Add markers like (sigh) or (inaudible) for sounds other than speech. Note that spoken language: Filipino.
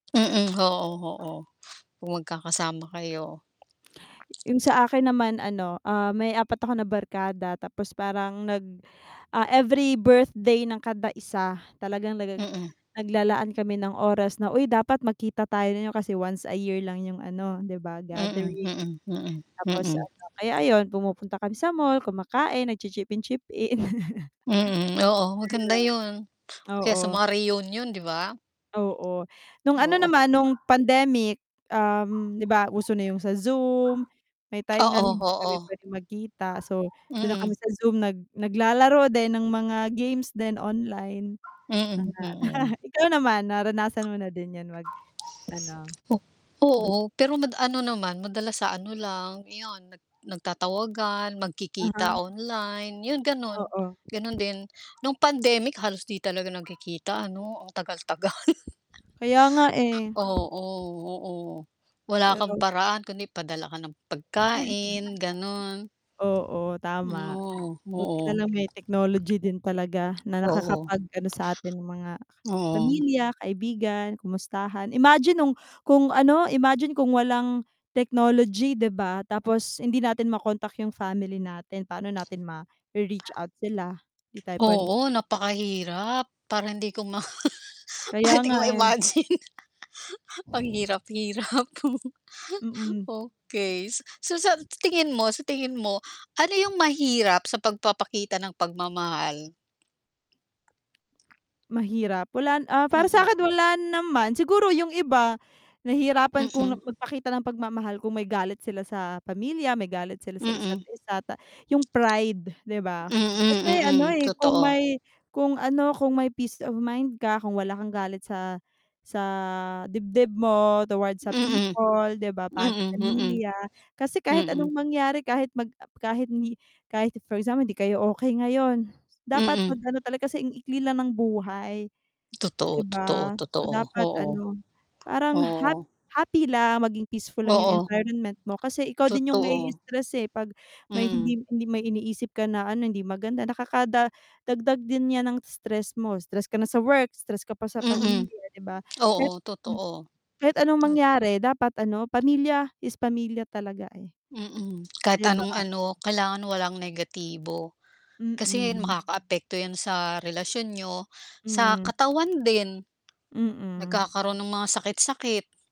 Mm, ho-o, ho-o, kung magkakasama kayo. Yung sa akin naman ano, ah, may 4 ako na barkada tapos parang nag ah, every birthday ng kada isa, talagang nag Mm. naglalaan kami ng oras na, "Uy dapat magkita tayo niyo kasi once a year lang yung ano 'di ba, Mm, gathering." mm, mm, Tapos mm. ano, kaya ayun pumupunta kami sa mall, kumakain, nagchi-chip in-chip in. (chuckles) Mm, oo, maganda yun, (unintelligible) kaya sa Oo. mga reunion, di ba? Oo, nung ano Oo. naman nung pandemic, um, di ba uso na yung sa Zoom, may time nga Oo, hindi kami oo. pwedeng magkita so dun na kami Mm. sa Zoom nag naglalaro din ng mga games din online, Mm, mga (chuckles) mm. Ikaw naman, naranasan mo na din yan, mag-ano? O oo, pero mad ano naman, madalas sa ano lang iyun nag nagtatawagan, magkikita Uh-huh. online, yun ganun, Oo. ganun din. Nung pandemic halos di talaga nagkikita ano, ang tagal tagal. Kaya nga eh. Oo, oo. Wala kang Pero paraan kundi padala ka ng pagkain, gano'n. (chuckles) Oo, Hmm, tama o buti na oo. lang may technology din talaga na Oo. nakakapag-ano sa atin ng mga Oo. pamilya, kaibigan, kamustahan. Imagine nung, kung ano imagine kung walang technology 'di ba tapos hindi natin ma-kontak yung family natin, paano natin mare-reach out sila, hindi tayo pwedeng Oo, napakahirap. Parang hindi ko ma (chuckles) Kaya parang hindi ko nga, eh. ma-imagine ang hirap-hirap. (chuckles) Mm. Okey, so sa tingin mo sa tingin mo, ano yung mahirap sa pagpapakita ng pagmamahal? Mahirap wala, ah, para Mm. sa'kin wala naman, siguro yung iba nahihirapan kung Mm. magpakita ng pagmamahal kung may galit sila sa pamilya, may galit sila sa isa't Mm. isa ta yung pride 'di ba. Kasi ano, Mm, mm, eh, kung totoo. may kung ano kung may peace of mind ka, kung wala kang galit sa, sa dibdib mo towards sa Mm. people 'di ba, pam Mm, mm. pamilya kasi kahit anong Mm. mangyari kahit mag kahit kahit for example di kayo okey ngayon, dapat Mm. mag-ano talaga kasi ang ikli lang ng buhay, 'di Totoo, totoo, ba? So, totoo, dapat oo. ano, parang Oo. hap happy lang maging peaceful lang yung Oo. environment mo kasi ikaw din yung Totoo. ma-i-i-stress eh, pag may Mm. hindi hindi may iniisip ka na ano hindi maganda nakada dagdag din niyan ng stress mo stress ka na sa work, stress ka pa sa Mm. pamilya, 'di ba kahit Oo, hmm totoo. kahit anong Nag mangyari dapat ano pamilya is pamilya talaga, eh. Mm. Kahit Di anong ba? ano kailangan walang negatibo. Kasi Mm. makakaapekto yan sa relasyon niyo, sa Hmm. katawan din, Mm. nagkakaroon ng mga sakit-sakit.